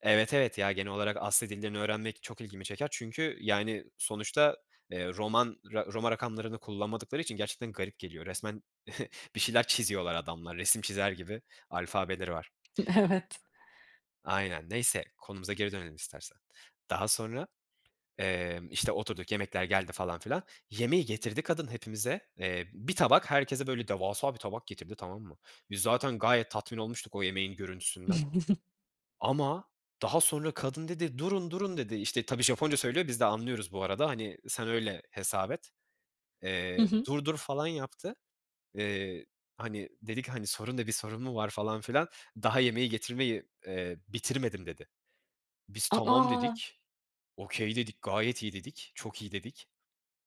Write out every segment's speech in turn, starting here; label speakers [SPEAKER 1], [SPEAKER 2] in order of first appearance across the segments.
[SPEAKER 1] Evet, evet, ya genel olarak Asya dillerini öğrenmek çok ilgimi çeker. Çünkü, yani, sonuçta, eee, roman, ro roma rakamlarını kullanmadıkları için gerçekten garip geliyor. Resmen bir şeyler çiziyorlar adamlar, resim çizer gibi alfabeleri var.
[SPEAKER 2] Evet.
[SPEAKER 1] Aynen, neyse. Konumuza geri dönelim istersen. Daha sonra, emm, işte, oturduk, yemekler geldi falan filan. Yemeği getirdi kadın hepimize. Eee, bir tabak herkese böyle devasa bir tabak getirdi, tamam mı? Biz zaten gayet tatmin olmuştuk o yemeğin görüntüsünden. Ama daha sonra kadın dedi, durun durun, dedi işte. Tabii Japonca söylüyor, de anlıyoruz bu arada. Hani, sen öyle hesap et.
[SPEAKER 2] Hı
[SPEAKER 1] Eee,
[SPEAKER 2] hı.
[SPEAKER 1] dur dur falan yaptı. Eee, hani, dedik hani sorun ne bir sorun mu var falan filan. Daha yemeği getirmeyi, eee, bitirmedim dedi. Biz
[SPEAKER 2] A,
[SPEAKER 1] tamam
[SPEAKER 2] a!
[SPEAKER 1] dedik, okay dedik, gayet iyi dedik, çok iyi dedik.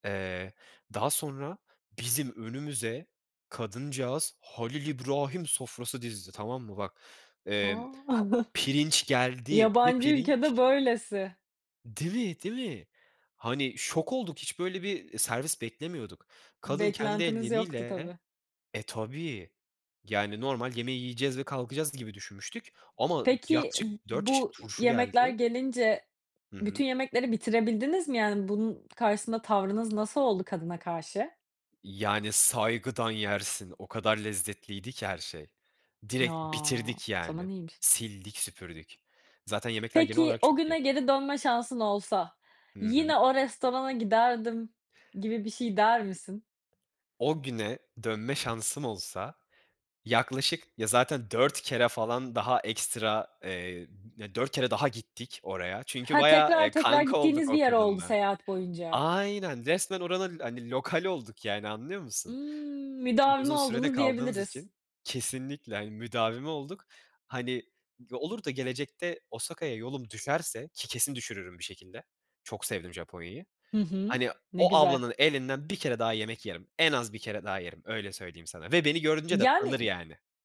[SPEAKER 1] Eee, daha sonra bizim önümüze kadıncağız Halil İbrahim sofrası dizdi, tamam mı? Bak, emm,
[SPEAKER 2] A!
[SPEAKER 1] pirinç geldi. Bir
[SPEAKER 2] Yabancı ülkede
[SPEAKER 1] pirinç
[SPEAKER 2] böylesi.
[SPEAKER 1] Değil mi, değil mi? Hani, şok olduk, hiç böyle bir, eee, servis beklemiyorduk. Kadın kendi
[SPEAKER 2] Beklentiniz yoktu
[SPEAKER 1] elleriyle
[SPEAKER 2] tabii.
[SPEAKER 1] e, tabii, yani normal yemeği yiyeceğiz ve kalkacağız gibi düşünmüştük ama
[SPEAKER 2] Peki,
[SPEAKER 1] yaklaşık 4 çeşit
[SPEAKER 2] bu
[SPEAKER 1] turşu
[SPEAKER 2] yemekler
[SPEAKER 1] geldi.
[SPEAKER 2] gelince,
[SPEAKER 1] Hı hı.
[SPEAKER 2] bütün yemekleri bitirebildiniz mi? Yani, bunun karşısında tavrınız nasıl oldu kadına karşı?
[SPEAKER 1] Yani saygıdan yersin o kadar lezzetliydi ki her şey.
[SPEAKER 2] Ya
[SPEAKER 1] Direkt
[SPEAKER 2] o
[SPEAKER 1] bitirdik
[SPEAKER 2] zaman
[SPEAKER 1] yani.
[SPEAKER 2] iyiymiş.
[SPEAKER 1] Sildik süpürdük. Zaten yemekler genel
[SPEAKER 2] Peki,
[SPEAKER 1] olarak
[SPEAKER 2] o
[SPEAKER 1] çok iyi.
[SPEAKER 2] güne geri dönme şansın olsa,
[SPEAKER 1] Hı hı.
[SPEAKER 2] yine o restorana giderdim gibi bir şey der misin?
[SPEAKER 1] O güne, dönme şansım olsa, yaklaşık ya, zaten 4 kere falan daha ekstra eee, 4, kere daha gittik oraya. Çünkü
[SPEAKER 2] Ha.
[SPEAKER 1] bayağı,
[SPEAKER 2] Tekrar
[SPEAKER 1] eee,
[SPEAKER 2] tekrar
[SPEAKER 1] kanka olduk
[SPEAKER 2] gittiğiniz bir
[SPEAKER 1] o
[SPEAKER 2] yer oldu
[SPEAKER 1] kadınla.
[SPEAKER 2] seyahat boyunca.
[SPEAKER 1] Aynen resmen oranın hani lokali olduk. Yani anlıyor musun?
[SPEAKER 2] Imm,
[SPEAKER 1] Çok
[SPEAKER 2] müdavimi
[SPEAKER 1] uzun sürede
[SPEAKER 2] oldunuz
[SPEAKER 1] kaldığımız
[SPEAKER 2] diyebiliriz.
[SPEAKER 1] için Kesinlikle. Hani, müdavimi olduk. Hani, olur da gelecekte Osaka'ya yolum düşerse, ki kesin düşürürüm bir şekilde Çok sevdim Japonya'yı.
[SPEAKER 2] Hı hı.
[SPEAKER 1] Hani
[SPEAKER 2] Ne
[SPEAKER 1] o
[SPEAKER 2] güzel.
[SPEAKER 1] ablanın elinden bir kere daha yemek yerim. En az bir kere daha yerim, öyle söyleyeyim sana ve beni görünce de tanır
[SPEAKER 2] Yani
[SPEAKER 1] yani.